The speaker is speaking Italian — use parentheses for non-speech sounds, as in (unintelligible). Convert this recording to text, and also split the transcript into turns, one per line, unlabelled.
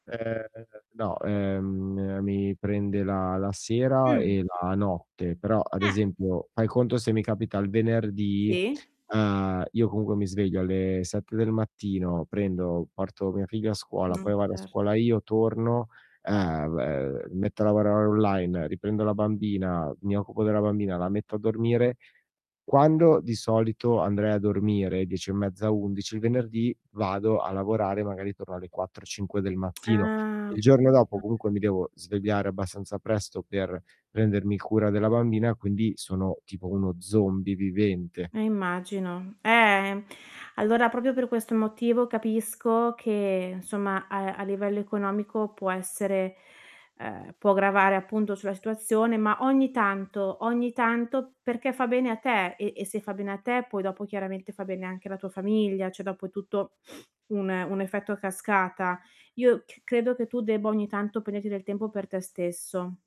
Ehm, no, ehm, mi prende la la sera
Mh.
e la notte, però ad
Eh
esempio fai conto se mi capita il venerdì,
Sì.
ehm, io comunque mi sveglio alle 7 del mattino prendo, porto mia figlia a scuola,
Mh,
poi vado a
cert
scuola io, torno, ehm, b metto a lavorare online, riprendo la bambina, mi occupo della bambina, la metto a dormire. Quando di solito andrei a dormire 10 e mezza, 11, il venerdì vado a lavorare magari torno alle 4-5 del
(tsk)
mattino.
Ah.
Il giorno dopo
(unintelligible)
comunque mi devo svegliare abbastanza presto per prendermi cura della bambina, quindi sono tipo uno zombie vivente.
Eh, immagino. Ehm, allora proprio per questo motivo capisco che insomma a a livello economico può essere ehm, può gravare appunto sulla situazione, ma ogni tanto ogni tanto perché fa bene a te e e se fa bene a te poi dopo chiaramente fa bene anche alla tua famiglia, cioè, dopo tutto (sniffs) un un effetto a cascata. Io c credo che tu debba ogni tanto prenderti del tempo per te stesso.